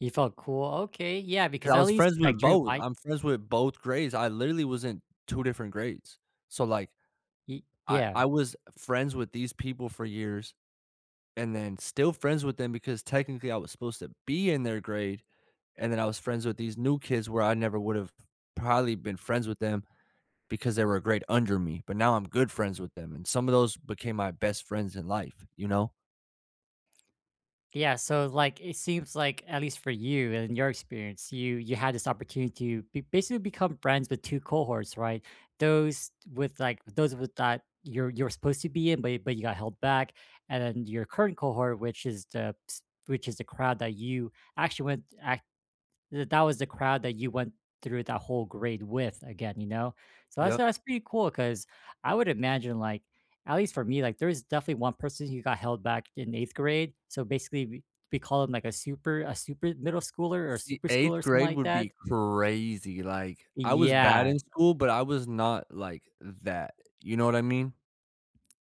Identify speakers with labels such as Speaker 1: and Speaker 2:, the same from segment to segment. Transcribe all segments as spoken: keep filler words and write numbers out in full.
Speaker 1: You felt cool? Okay, yeah,
Speaker 2: 'Cause
Speaker 1: because
Speaker 2: I
Speaker 1: at
Speaker 2: was
Speaker 1: least
Speaker 2: friends
Speaker 1: I
Speaker 2: with
Speaker 1: dreamed,
Speaker 2: both,
Speaker 1: I
Speaker 2: I'm friends with both grades, I literally was in two different grades. So like,
Speaker 1: Ye
Speaker 2: I I
Speaker 1: Yeah.
Speaker 2: was friends with these people for years and then still friends with them because technically I was supposed to be in their grade, and then I was friends with these new kids where I never would've probably been friends with them because they were a grade under me, but now I'm good friends with them, and some of those became my best friends in life, you know?
Speaker 1: Yeah, so, like, it seems like, at least for you and in your experience, you you had this opportunity to be basically become friends with two cohorts, right? Those with, like those with that you're you're supposed to be in, but you but you got held back, and then your current cohort, which is the ps which is the crowd that you actually went ac that that was the crowd that you went through that whole grade with, again, you know? So, that's a
Speaker 2: Yup.
Speaker 1: that's pretty cool 'cause I would imagine, like, at least for me, like, there is definitely one person who got held back in eighth grade, so basically, we we call him like a super a super middle schooler, or a
Speaker 2: See,
Speaker 1: super
Speaker 2: eighth
Speaker 1: schooler or some
Speaker 2: grade
Speaker 1: like
Speaker 2: would
Speaker 1: that?
Speaker 2: be crazy. Like, I was bad
Speaker 1: Yeah.
Speaker 2: in school, but I was not like that, you know what I mean?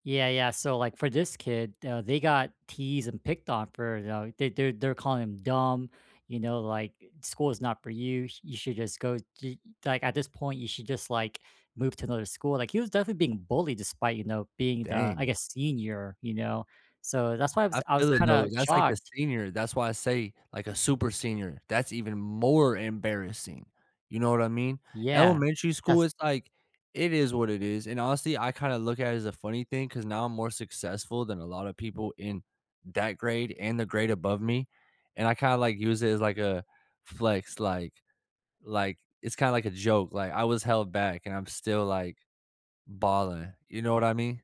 Speaker 1: Yeah, yeah, so, like, for this kid, uh, they got teased and picked on for, you know, they're they're they're calling him "dumb," you know, like, "School is not for you, you should just go ye like, at this point, you should just, like, move to another school." Like, he was definitely being bullied despite, you know, being the, I
Speaker 2: Dang.
Speaker 1: guess, senior, you know? So, that's why I
Speaker 2: I
Speaker 1: was I was
Speaker 2: feel it, though,
Speaker 1: kinda
Speaker 2: that's like the
Speaker 1: shocked
Speaker 2: senior. That's why I say, like, a super senior, that's even more embarrassing, you know what I mean?
Speaker 1: Yeah,
Speaker 2: Elementary school
Speaker 1: that's
Speaker 2: is, like, it is what it is, and honestly, I kinda look at it as a funny thing 'cause now I'm more successful than a lotta people in that grade and the grade above me, and I kinda, like, use it as, like, a flex, like, like, it's kinda like a joke. Like, I was held back, and I'm still, like, balling, you know what I mean?